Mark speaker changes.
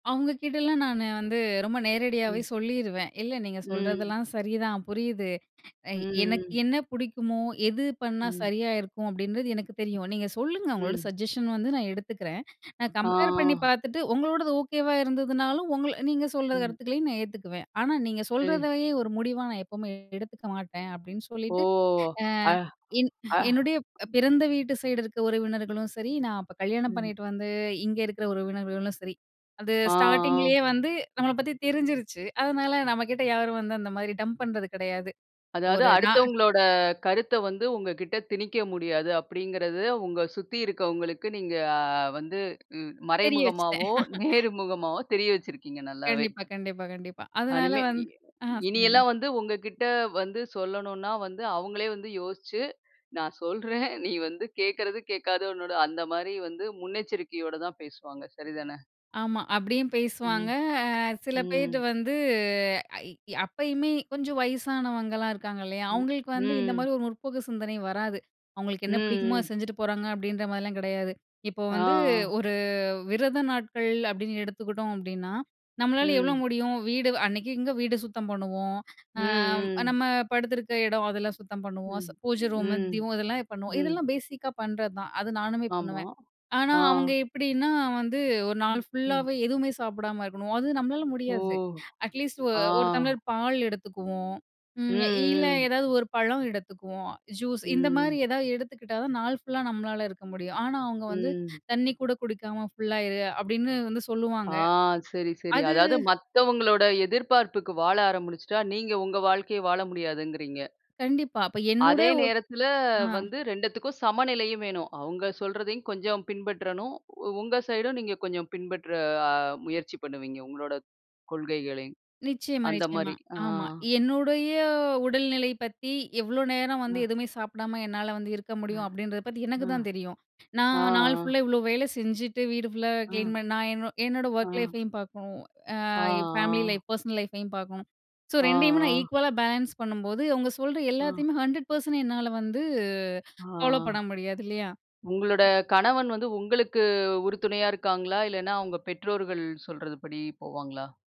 Speaker 1: அவங்கக்கிட்டலாம் நானு வந்து ரொம்ப நேரடியாவே
Speaker 2: ம்.
Speaker 1: சொல்லிருவேன். "இல்ல நீங்க
Speaker 2: ம்.
Speaker 1: சொல்றதெல்லாம் சரி தான். புரியுது. எ
Speaker 2: ம்,
Speaker 1: எனக்கு
Speaker 2: ம்.
Speaker 1: என்ன புடிக்குமோ எது பண்ணா
Speaker 2: ம்.
Speaker 1: சரியா இருக்கும் அப்பிடின்றது எனக்கு தெரியும். நீங்க சொல்லுங்க உங்களோட
Speaker 2: ம்.
Speaker 1: சஜஷன் வந்து நான் எடுத்துக்கிறேன். நான்
Speaker 2: ஆ,
Speaker 1: கம்பேர் பண்ணி
Speaker 2: ஆ.
Speaker 1: பார்த்துட்டு உங்களோடது ஓகேவா இருந்ததுனாலும் உங்க நீங்க சொல்ற
Speaker 2: ம்.
Speaker 1: கருத்துக்களையும் நான் ஏத்துக்குவேன். ஆனா நீங்க
Speaker 2: சரி.
Speaker 1: சொல்றதையே ஒரு முடிவா நான் எப்பவுமே எடுத்துக்க மாட்டேன்." அப்பிடின்னு
Speaker 2: ஓ!
Speaker 1: சொல்லிட்டு ஆ,
Speaker 2: அ,
Speaker 1: என்
Speaker 2: அ.
Speaker 1: என்னுடைய பிறந்த வீட்டு சைடு இருக்கிற உறவினர்களும் சரி, நான் அப்ப கல்யாணம்
Speaker 2: ம்.
Speaker 1: பண்ணிட்டு வந்து இங்க இருக்கிற உறவினர்களும் சரி. அது
Speaker 2: ஆ, ஆ.
Speaker 1: ஸ்டார்ட்டிங்லேயே வந்து நம்மள பத்தி தெரிஞ்சிருச்சு. அதனால நம்மக்கிட்ட யாரும் வந்து அந்த மாதிரி டம்ப் பண்றது கிடையாது.
Speaker 2: அதாவது
Speaker 1: ஒரு நான்
Speaker 2: அடுத்தவங்களோட கருத்த வந்து உங்ககிட்ட திணிக்க முடியாது. அப்பிடிங்கிறது உங்க சுத்தி இருக்கவங்களுக்கு நீங்க அ வந்து ம்
Speaker 1: தெரிய வச்சுட்டேன்.
Speaker 2: மறைமுகமாவோ! நேர்முகமாவோ! தெரிய வச்சிருக்கீங்க. நல்லாவே!
Speaker 1: கண்டிப்பா, கண்டிப்பா, கண்டிப்பா. அதனால
Speaker 2: அனிமே
Speaker 1: வந்
Speaker 2: இ
Speaker 1: ஆ
Speaker 2: இனி
Speaker 1: சொல்லுங்க.
Speaker 2: எல்லாம் வந்து உங்ககிட்ட வந்து சொல்லணுன்னா வந்து அவுங்களே வந்து யோசிச்சு, "நான் சொல்றேன் நீ வந்து கேக்குறது கேக்காத உன்னோட," அந்தமாரி வந்து முன்னெச்சரிக்கையோட தான் பேசுவாங்க. சரிதானே!
Speaker 1: ஆமா. அப்பிடியும் பேசுவாங்க.
Speaker 2: ம்,
Speaker 1: அ சில பேர்
Speaker 2: ம்.
Speaker 1: வந்து ஐ அப்பயுமே கொஞ்சம் வயசானவங்கலாம் இருக்காங்க இல்லயா!
Speaker 2: ம்,
Speaker 1: அவுங்களுக்கு வந்து இந்த
Speaker 2: ம்.
Speaker 1: மாரி ஒரு முற்போக்கு சிந்தனை வராது. அவுங்களுக்கு
Speaker 2: ம்,
Speaker 1: என்ன பிடிக்குமோ! அத
Speaker 2: ம்.
Speaker 1: செஞ்சுட்டு போறாங்க அப்பிடின்ற மாரிலாம் கிடையாது. இப்போ
Speaker 2: ஆ.
Speaker 1: வந்து
Speaker 2: ஆ.
Speaker 1: ஒரு விரத நாட்கள் அப்பிடின்னு எடுத்துக்கிட்டோம் அப்பிடின்னா, நம்மளால எவ்ளோ
Speaker 2: ம்.
Speaker 1: முடியும்? வீடு அன்னைக்கிங்க வீடு சுத்தம் பண்ணுவோம். ஆ,
Speaker 2: ம், ம்.
Speaker 1: நம்ம படுத்துருக்க இடம் அதெல்லாம் சுத்தம் பண்ணுவோம்.
Speaker 2: ம்,
Speaker 1: பூஜை ரூமு,
Speaker 2: ம்,
Speaker 1: தீபம் இதெல்லாம் பண்ணுவோம்.
Speaker 2: ம்.
Speaker 1: இதெல்லாம் பேஸிக்கா பண்றதான். அது நானுமே
Speaker 2: ஆமா,
Speaker 1: பண்ணுவேன். ஆனா
Speaker 2: ஆ.
Speaker 1: அவுங்க எப்பிடின்னா, வந்து ஒரு நாள்
Speaker 2: ம், ஆமா.
Speaker 1: ஃபுல்லாவே எதுவுமே சாப்பிடாம இருக்கணும். அது நம்மளால
Speaker 2: ஓ!
Speaker 1: முடியாது. அட்லீஸ்ட் ஒ
Speaker 2: ஆ.
Speaker 1: ஒரு தம்ளர் பால் எடுத்துக்குவோம்.
Speaker 2: ம்,
Speaker 1: ம் இல்ல
Speaker 2: ம்.
Speaker 1: ஏதாவது ஒரு பழம் எடுத்துக்குவோம். ஜூஸ் இந்தமாரி
Speaker 2: ம்.
Speaker 1: ஏதாவது எடுத்துக்கிட்டா தான், நாள் ஃபுல்லா நம்மளால இருக்க முடியும். ஆனா, அவுங்க வந்து
Speaker 2: ம்.
Speaker 1: "தண்ணீ கூட குடிக்காம ஃபுல்லா இரு!" அப்பிடின்னு வந்து
Speaker 2: ஆ
Speaker 1: சொல்லுவாங்க.
Speaker 2: சரி, சரி.
Speaker 1: அது
Speaker 2: அதாவது மத்தவங்களோட எதிர்பார்ப்புக்கு வாழ ஆரம்பிச்சுட்டா, நீங்க உங்க வாழ்க்கைய வாழ முடியாதுங்கிறீங்க.
Speaker 1: கண்டிப்பா. அப்ப என்னோட
Speaker 2: அதே நேரத்தில
Speaker 1: ஆ.
Speaker 2: வந்து 2 த்துக்கும் சமநிலையும் வேணும். அவுங்க சொல்றதையும் கொஞ்சம் பின்பற்றணும். உ உங்க சைடும் நீங்க கொஞ்சம் பின்பற்ற அ முயற்சி பண்ணுவீங்க. உங்களோட கொள்கைகளையும்
Speaker 1: நிச்சயமா. நிச்சயமா.
Speaker 2: அந்தமாரி, ஆ.
Speaker 1: ஆமா. என்னுடைய உடல்நிலை பத்தி எவ்ளோ நேரம் வந்து
Speaker 2: அ.
Speaker 1: எதுவுமே சாப்பிடாம என்னால வந்து இருக்க
Speaker 2: அ.
Speaker 1: முடியும். அப்பிடின்றத பத்தி எனக்கு தான்
Speaker 2: ஆ,
Speaker 1: தெரியும். நான் நாள்
Speaker 2: ஆ.
Speaker 1: ஃபுல்லா இவ்ளோ வேலை செஞ்சுட்டு வீடு ஃபுல்லா
Speaker 2: ஆ.
Speaker 1: கிளீன் பண்ண நான் என்னோ என்னோட ஒர்க்
Speaker 2: ஆ.
Speaker 1: லைஃப்பையும் பார்க்கணும். ஆ
Speaker 2: ஆ,
Speaker 1: ஃபேமிலி
Speaker 2: ஆ.
Speaker 1: லைஃப் பெர்சனல் லைஃப்பையும் பார்க்கணும். ஸோ
Speaker 2: ஆ,
Speaker 1: 2 யுமே நான்
Speaker 2: ஆ
Speaker 1: ஈக்குவலா பேலன்ஸ் பண்ணும்போது, அவுங்க சொல்ற
Speaker 2: ஆ.
Speaker 1: எல்லாத்தையுமே 100% என்னால வந்து
Speaker 2: ஆ.
Speaker 1: ஃபாலோப் பண்ண முடியாது இல்லயா!
Speaker 2: உங்களோட கணவன் வந்து உங்களுக்கு உறுதுணையா இருக்காங்களா? இல்லன்னா அவுங்க பெற்றோர்கள் சொல்றதுபடி போவாங்களா?